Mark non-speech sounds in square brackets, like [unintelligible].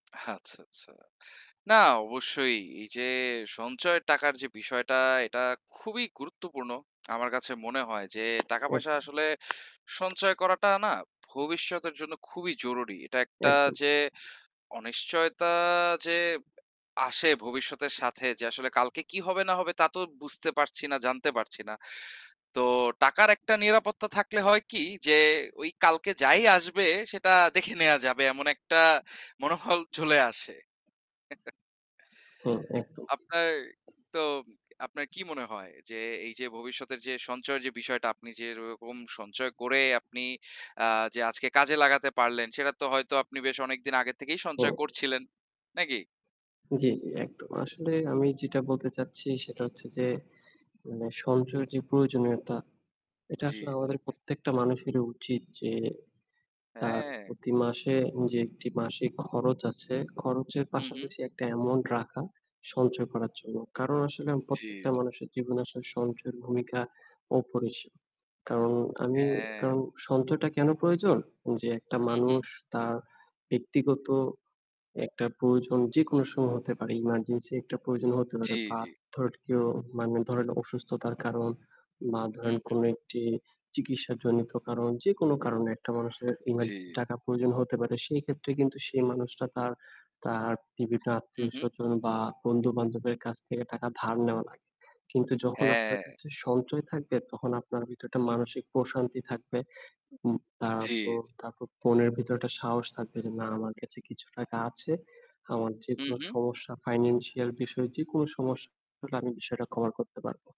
আচ্ছা, আচ্ছা। না অবশ্যই এইযে সঞ্চয়ের টাকার যে বিষয়টা এটা খুবই গুরুত্বপূর্ণ। আমার কাছে মনে হয় যে টাকা-পয়সা আসলে [unintelligible] সঞ্চয় করাটা না ভবিষ্যতের জন্য খুবই জরুরি। এটা একটা একদম। যে অনিশ্চয়তা যে আসে ভবিষ্যতের সাথে যে আসলে কালকে কি হবে, না হবে, তা তো বুঝতে পারছি না, জানতে পারছি না। তো টাকার একটা নিরাপত্তা থাকলে হয় কি যে ওই কালকে যাই আসবে সেটা দেখে নেওয়া যাবে। এমন একটা মনোবল চলে আসে। [chuckles] হুম, একদম। আপনার তো আপনার কি মনে হয় যে এইযে ভবিষ্যতের যে সঞ্চয়ের যে বিষয়টা আপনি যেরকম সঞ্চয় করে আপনি আ যে আজকে কাজে লাগাতে পারলেন সেটা তো হয়তো আপনি বেশ অনেকদিন আগে থেকেই হু। সঞ্চয় করছিলেন। নাকি? জ্বী, জ্বী। একদম। আসলে আমি যেটা বলতে চাচ্ছি সেটা হুম। হচ্ছে যে, মানে সঞ্চয়ের যে প্রয়োজনীয়তা এটা জ্বী, আসলে জ্বী। আমাদের প্রত্যেকটা মানুষেরই উচিত যে তার হ্যাঁ। প্রতি মাসে যে একটি মাসিক খরচ আছে, খরচের হু, হু। পাশাপাশি একটা অ্যামাউন্ট রাখা সঞ্চয় করার জন্য। কারণ আসলে জ্বি, প্রত্যেকটা জ্বি। মানুষের জীবনে আসলে সঞ্চয়ের ভূমিকা অপরিসীম। কারণ আমি হ্যাঁ। কারণ সঞ্চয়টা কেনো প্রয়োজন? যে একটা হু, হু। মানুষ তার ব্যক্তিগত একটা প্রয়োজন যেকোনো সময় হতে পারে। এমার্জেন্সি একটা প্রয়োজন হতে পারে। জ্বি, বা জ্বি। ধরেন কেউ মানে ধরেন অসুস্থতার কারণ বা হু, ধরেন হু। কোনো একটি চিকিৎসাজনিত কারণ যেকোনো কারণে একটা মানুষের জ্বি, এমার্জেন্সি জ্বি। টাকা প্রয়োজন হতে পারে। সেক্ষেত্রে কিন্তু সেই মানুষটা তার, তার বিভিন্ন হুঁ, হুঁ। আত্মীয়-স্বজন বা বন্ধু-বান্ধবের কাছ থেকে টাকা ধার নেওয়া লাগে। কিন্তু যখন আপনার হ্যাঁ। কাছে সঞ্চয় থাকবে তখন আপনার ভিতরে একটা মানসিক প্রশান্তি থাকবে। উম জ্বি, জি। তারপর, তারপর মনের ভিতরে একটা সাহস থাকবে যে, "না, আমার কাছে কিছু টাকা আছে। আমার হু, যেকোনো হু। সমস্যা financial বিষয় যেকোনো সমস্যা আমি বিষয়টা কভার করতে পারবো।"